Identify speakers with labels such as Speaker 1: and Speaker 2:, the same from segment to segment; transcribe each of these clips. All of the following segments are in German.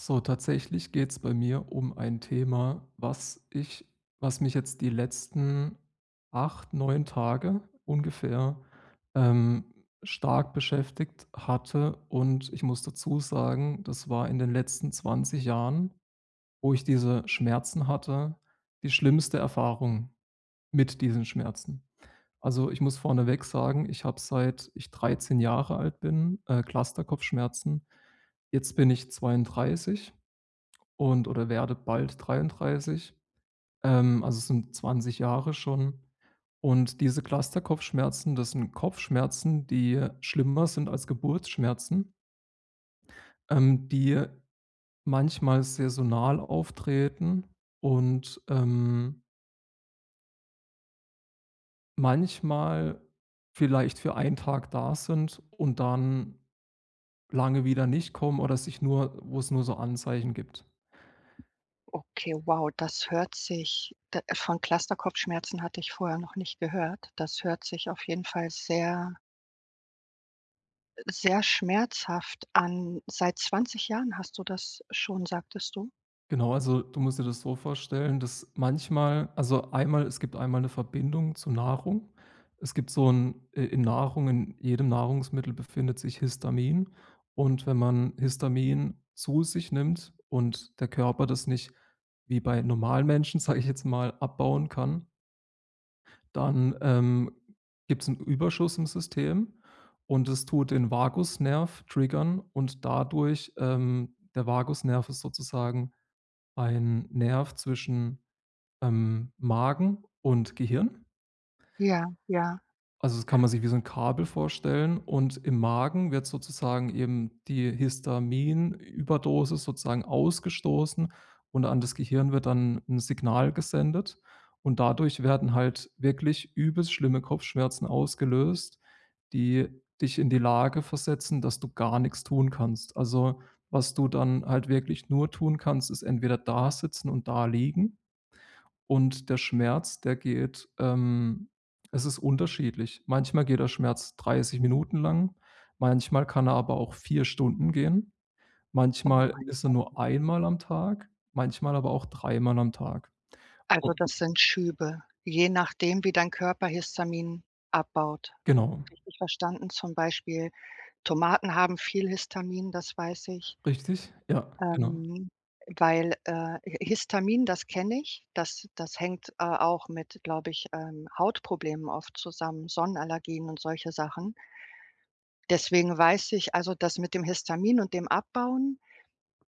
Speaker 1: So tatsächlich geht's bei mir um ein Thema, was ich was mich jetzt die letzten 8, 9 Tage ungefähr, ähm, stark beschäftigt hatte. Und ich muss dazu sagen, das war in den letzten 20 Jahren, wo ich diese Schmerzen hatte, die schlimmste Erfahrung mit diesen Schmerzen. Also, ich muss vorneweg sagen, ich habe, seit ich 13 Jahre alt bin, äh, Clusterkopfschmerzen. Jetzt bin ich 32, und oder werde bald 33. Ähm, also, es sind 20 Jahre schon. Und diese Clusterkopfschmerzen, das sind Kopfschmerzen, die schlimmer sind als Geburtsschmerzen ähm, die manchmal saisonal auftreten und, ähm manchmal vielleicht für einen Tag da sind und dann lange wieder nicht kommen oder sich nur wo es nur so Anzeichen gibt.
Speaker 2: Okay, wow, das hört sich d von Clusterkopfschmerzen hatte ich vorher noch nicht gehört. Das hört sich auf jeden Fall sehr äh, sehr schmerzhaft an. Seit 20 Jahren hast du das schon, sagtest du?
Speaker 1: Genau. Also, du musst dir das so vorstellen, dass manchmal also, einmal es gibt einmal mal 'ne Verbindung zu Nahrung. Es gibt so 'n i in Nahrung in jedem Nahrungsmittel befindet sich Histamin. Und wenn man Histamin zu sich nimmt und der Körper das nicht wie bei normalen Menschen, sage ich jetzt mal, abbauen kann dann ähm gibt es 'n Überschuss im System und es tut den Vagusnerv triggern und dadurch, ähm der Vagusnerv ist sozusagen ein Nerv zwischen, ähm, Magen und Gehirn
Speaker 2: Ja, ja.
Speaker 1: Also, das kann man sich wie so 'n Kabel vorstellen. Und im Magen wird sozusagen eben die Histamin-Überdosis sozusagen ausgestoßen und an das Gehirn wird dann 'n Signal gesendet. Und dadurch werden halt wirklich übelst schlimme Kopfschmerzen ausgelöst, die dich in die Lage versetzen, dass du gar nichts tun kannst. Also, was du dann halt wirklich nur tun kannst, ist entweder da sitzen und da liegen-– und der Schmerz, der geht, ähm es ist unterschiedlich. Manchmal geht der Schmerz 30 Minuten lang, manchmal kann er aber auch 4 Stunden gehen.
Speaker 2: Oh
Speaker 1: Manchmal
Speaker 2: mein
Speaker 1: ist er
Speaker 2: Gott.
Speaker 1: nur einmal am Tag, manchmal aber auch dreimal am Tag.
Speaker 2: Also,
Speaker 1: U
Speaker 2: das sind Schübe, je nachdem, wie dein Körper Histamin abbaut,
Speaker 1: Genau.
Speaker 2: richtig verstanden? Zum Beispiel Tomaten haben viel Histamin, das weiß ich.
Speaker 1: Richtig. Ja, genau.
Speaker 2: Ähm, weil, äh Hi Histamin, das kenne ich, das das hängt, äh, auch mit, glaube ich, ähm, Hautproblemen oft zusammen, Sonnenallergien und solche Sachen. Deswegen weiß ich, also das mit dem Histamin und dem Abbauen,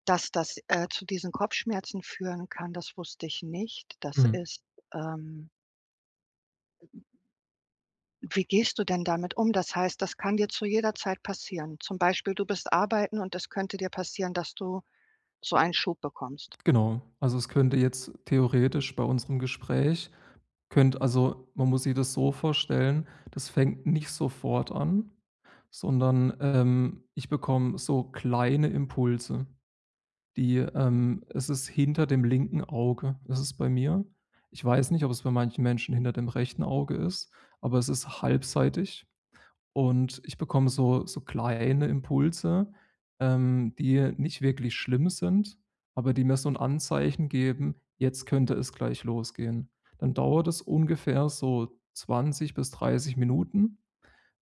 Speaker 2: dass das, äh, zu diesen Kopfschmerzen führen kann, das wusste ich nicht. Das
Speaker 1: Mhm.
Speaker 2: ist, ähm Wie gehst du denn damit um? Das heißt, das kann dir zu jeder Zeit passieren? Zum Beispiel, du bist arbeiten und das könnte dir passieren, dass du so einen Schub bekommst?
Speaker 1: Genau. Also, es könnte jetzt theoretisch bei unserem Gespräch könnt also, man muss sich das so vorstellen, das fängt nicht sofort an, sondern, ähm, ich bekomme so kleine Impulse, die, ähm es ist hinter dem linken Auge ist es bei mir. Ich weiß nicht, ob es bei manchen Menschen hinter dem rechten Auge ist, aber es ist halbseitig. Und ich bekomme so so kleine Impulse, ähm, die nicht wirklich schlimm sind, aber die mir so 'n Anzeichen geben, jetzt könnte es gleich losgehen. Dann dauert es ungefähr so 20 bis 30 Minuten,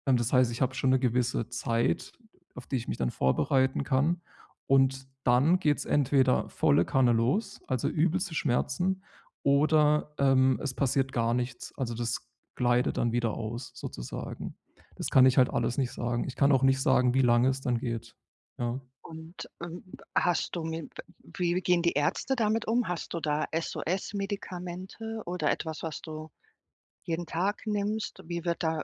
Speaker 1: ähm, das heißt, ich habe schon 'ne gewisse Zeit, auf die ich mich dann vorbereiten kann. Und dann geht es entweder volle Kanne los, also, übelste Schmerzen, oder, ähm, es passiert gar nichts. Also, das gleitet dann wieder aus, sozusagen. Das kann ich halt alles nicht sagen. Ich kann auch nicht sagen, wie lange es dann geht. Ja.
Speaker 2: Und, ähm, hast du mit wie gehen die Ärzte damit um? Hast du da SOS-Medikamente oder etwas, was du jeden Tag nimmst? Wie wird da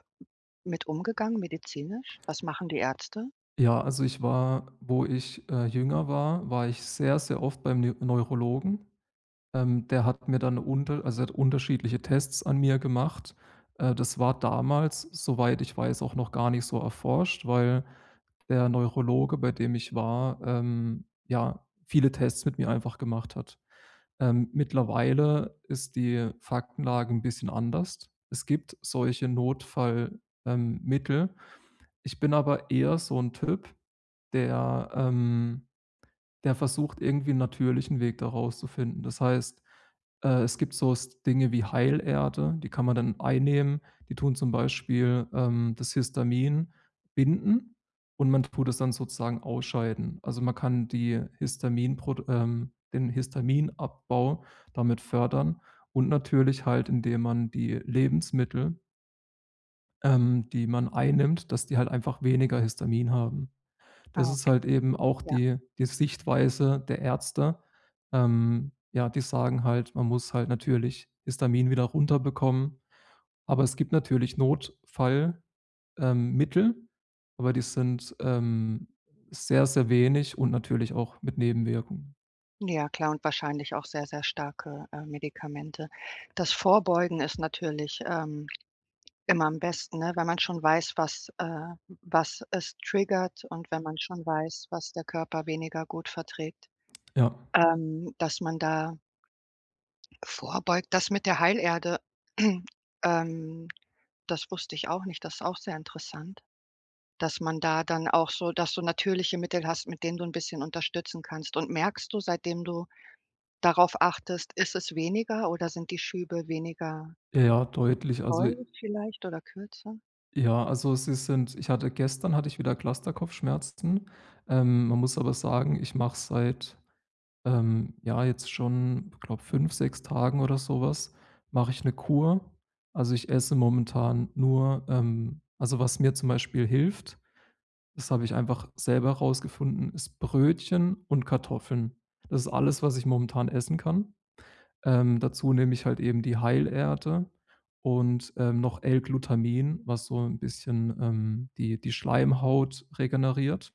Speaker 2: mit umgegangen medizinisch? Was machen die Ärzte?
Speaker 1: Ja, also, ich war, wo ich, äh, jünger war war ich sehr, sehr oft beim Nü Neurologen. Ähm, der hat mir dann 'ne unter also, der hat unterschiedliche Tests an mir gemacht. Äh, das war damals, soweit ich weiß auch noch gar nicht so erforscht, weil der Neurologe, bei dem ich war, ähm, ja, viele Tests mit mir einfach gemacht hat. Ähm, mittlerweile ist die Faktenlage 'n bisschen anders. Es gibt solche Notfall, ähm, Mittel. Ich bin aber eher so 'n Typ, der, ähm der versucht, irgendwie 'n natürlichen Weg da rauszufinden. Das heißt, äh, es gibt so s Dinge wie Heilerde, die kann man dann einnehmen. Die tun zum Beispiel, ähm, das Histamin binden, und man tut es dann sozusagen ausscheiden. Also, man kann die Histaminprod ähm, den Histaminabbau damit fördern. Und natürlich halt, indem man die Lebensmittel ähm, die man einnimmt dass die halt einfach weniger Histamin haben. Das
Speaker 2: Ah
Speaker 1: ist
Speaker 2: okay.
Speaker 1: halt eben auch
Speaker 2: Ja.
Speaker 1: die die Sichtweise der Ärzte. Ähm, ja, die sagen halt, man muss halt natürlich Histamin wieder runterbekommen, aber es gibt natürlich Notfall, ähm, Mittel, aber die sind, ähm, sehr, sehr wenig und natürlich auch mit Nebenwirkung.
Speaker 2: Ja, klar und wahrscheinlich auch sehr, sehr starke, äh, Medikamente. Das Vorbeugen ist natürlich, ähm, immer am besten, ne, wenn man schon weiß, was, äh was es triggert und wenn man schon weiß, was der Körper weniger gut verträgt.
Speaker 1: Ja.
Speaker 2: Ähm, dass man da vorbeugt. Das mit der Heilerde, ähm, das wusste ich auch nicht. Das ist auch sehr interessant, dass man da dann auch so dass du natürliche Mittel hast, mit denen du 'n bisschen unterstützen kannst. Und merkst du, seitdem du darauf achtest ist es weniger oder sind die Schübe weniger
Speaker 1: Ja, deutlich. Also i
Speaker 2: doll vielleicht oder kürzer?
Speaker 1: Ja, also, sie sind ich hatte gestern hatte ich wieder Clusterkopfschmerzen. Ähm, man muss aber sagen, ich mache seit, ähm, ja, jetzt schon, ich glaube 5, 6 Tagen oder sowas mache ich 'ne Kur. Also, ich esse momentan nur, ähm, also was mir zum Beispiel hilft, das habe ich einfach selber rausgefunden, ist Brötchen und Kartoffeln. Das ist alles, was ich momentan essen kann. Ähm, dazu nehme ich halt eben die Heilerde und, äh, noch L-Glutamin, was so 'n bisschen, ähm, die die Schleimhaut regeneriert.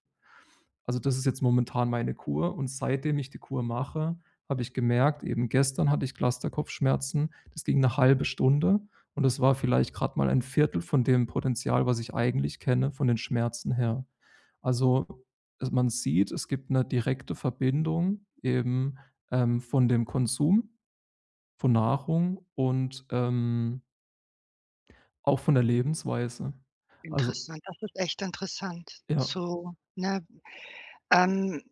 Speaker 1: Also, das ist jetzt momentan meine Kur, und seitdem ich die Kur mache, habe ich gemerkt eben gestern hatte ich Clusterkopfschmerzen, das ging 'ne 1/2 Stunde, und das war vielleicht gerade mal ein 1/4 von dem Potenzial, was ich eigentlich kenne, von den Schmerzen her. Also, e man sieht, es gibt 'ne direkte Verbindung eben, ähm, von dem Konsum von Nahrung und, ähm auch von der Lebensweise. Also
Speaker 2: Interessant, das ist echt interessant
Speaker 1: Ja.
Speaker 2: zu ne? Ähm,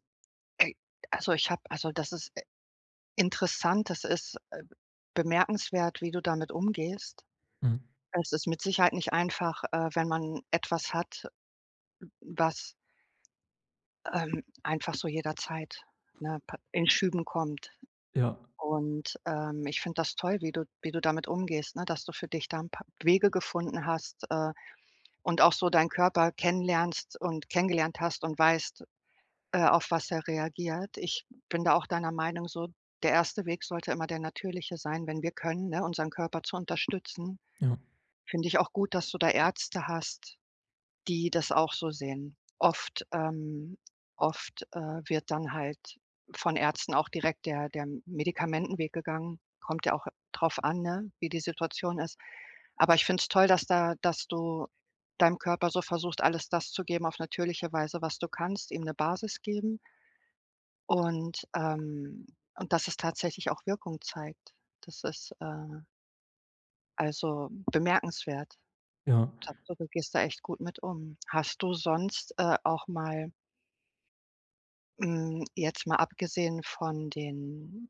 Speaker 2: äh, also ich habe also das ist, äh, interessant, das ist, äh, bemerkenswert, wie du damit umgehst.
Speaker 1: Mhm.
Speaker 2: Es ist mit Sicherheit nicht einfach, äh, wenn man etwas hat, w was ähm, einfach so jederzeit, ne, pa in Schüben kommt.
Speaker 1: Ja.
Speaker 2: Und, ähm, ich finde das toll, wie du wie du damit umgehst, ne, dass du für dich da 'n paar Wege gefunden hast, äh, und auch so deinen Körper kennenlernst und kennengelernt hast und weißt, äh, auf was er reagiert. Ich bin da auch deiner Meinung so, der erste Weg sollte immer der Natürliche sein, wenn wir können, ne, unseren Körper zu unterstützen.
Speaker 1: Ja.
Speaker 2: Finde ich auch gut, dass du da Ärzte hast, die das auch so sehen. Oft, ähm oft, äh, wird dann halt von Ärzten auch direkt der der M Medikamentenweg gegangen. Kommt ja auch drauf an, ne, wie die Situation ist. Aber ich finde es toll, dass da dass du deinem Körper so versuchst, alles das zu geben auf natürliche Weise, was du kannst ihm 'ne Basis geben. Und ähm, und dass es tatsächlich auch Wirkung zeigt, das ist, äh Also, bemerkenswert.
Speaker 1: Ja.
Speaker 2: Tapfer, du gehst da echt gut mit um. Hast du sonst, äh, auch mal hm, jetzt mal abgesehen von den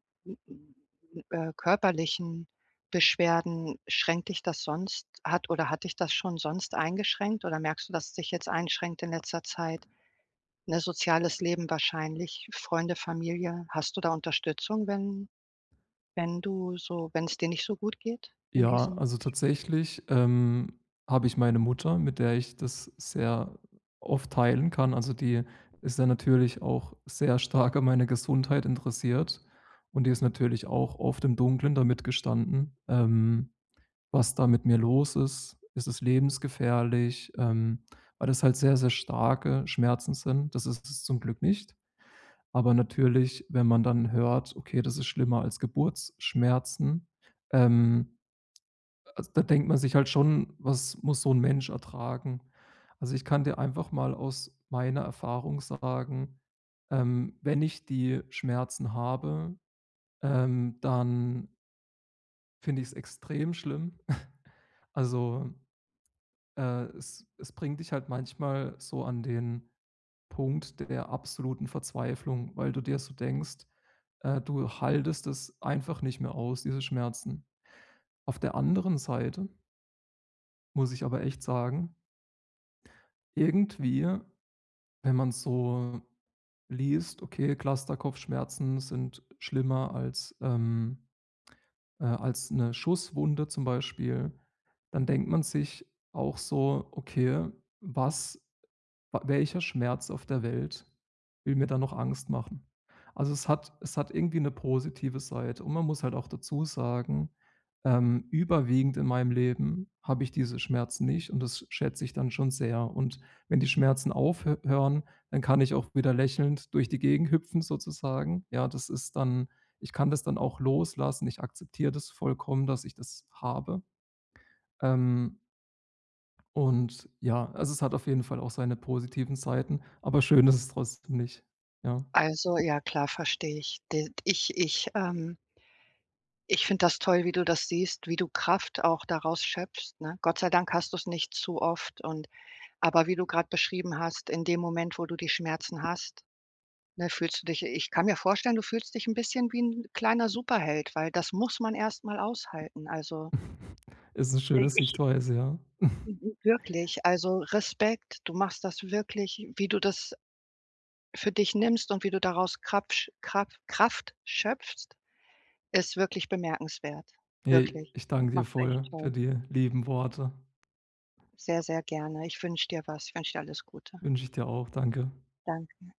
Speaker 2: äh, körperlichen Beschwerden, schränkt dich das sonst hat oder hat dich das schon sonst eingeschränkt oder merkst du, dass es dich jetzt einschränkt in letzter Zeit? Ne, soziales Leben wahrscheinlich Freunde, Familie? Hast du da Unterstützung, wenn wenn du so wenn es dir nicht so gut geht in
Speaker 1: Ja,
Speaker 2: diesen
Speaker 1: also, tatsächlich, ähm, habe ich meine Mutter, mit der ich das sehr oft teilen kann. Also, die ist ja natürlich auch sehr stark an meine Gesundheit interessiert. Und die ist natürlich auch oft im Dunklen damit gestanden, ähm, was da mit mir los ist. Ist es lebensgefährlich? Ähm, weil das halt sehr, sehr starke Schmerzen sind. Das ist es zum Glück nicht. Aber natürlich, wenn man dann hört: „Okay, das ist schlimmer als Geburtsschmerzen.“ Ähm, a also, da denkt man sich halt schon, was muss so 'n Mensch ertragen? Also, ich kann dir einfach mal aus meiner Erfahrung sagen, ähm, wenn ich die Schmerzen habe, ähm dann Finde ich's extrem schlimm. Also, äh, es es bringt dich halt manchmal so an den Punkt der absoluten Verzweiflung, weil du dir so denkst, äh, du haltest es einfach nicht mehr aus, diese Schmerzen. Auf der anderen Seite muss ich aber echt sagen irgendwie, wenn man so liest, okay, Cluster-Kopfschmerzen sind schlimmer als ähm, äh, als 'ne Schusswunde zum Beispiel, dann denkt man sich auch so: „Okay, was w welcher Schmerz auf der Welt will mir da noch Angst machen?” Also, es hat es hat irgendwie 'ne positive Seite, und man muss halt auch dazu sagen, ähm, überwiegend in meinem Leben habe ich diese Schmerzen nicht. Und das schätze ich dann schon sehr. Und wenn die Schmerzen aufhö hören, dann kann ich auch wieder lächelnd durch die Gegend hüpfen, sozusagen. Ja, das ist dann ich kann das dann auch loslassen. Ich akzeptiere das vollkommen, dass ich das habe, ähm und ja, also, es hat auf jeden Fall auch seine positiven Seiten. Aber schön ist es trotzdem nicht, ja.
Speaker 2: Also, ja, klar, verstehe ich. D ich ich, ähm ich finde das toll, wie du das siehst, wie du Kraft auch daraus schöpfst, ne? Gott sei Dank hast du's nicht zu oft und aber wie du gerade beschrieben hast, in dem Moment, wo du die Schmerzen hast, ne, fühlst du dich ich kann mir vorstellen, du fühlst dich 'n bisschen wie 'n kleiner Superheld, weil das muss man erstmal aushalten, also.
Speaker 1: Ist 'ne schöne
Speaker 2: I-ich
Speaker 1: Sichtweise, ja.
Speaker 2: W w wirklich, also Respekt, du machst das wirklich wie du das für dich nimmst und wie du daraus Krapsch Kra Kraft schöpfst, ist wirklich bemerkenswert.
Speaker 1: J
Speaker 2: Wirklich,
Speaker 1: ich danke dir
Speaker 2: machst du echt
Speaker 1: voll für
Speaker 2: toll.
Speaker 1: die lieben Worte.
Speaker 2: Sehr, sehr gerne. Ich wünsche dir was, ich wünsche dir alles Gute.
Speaker 1: Wünsche ich dir auch. Danke.
Speaker 2: Danke dir.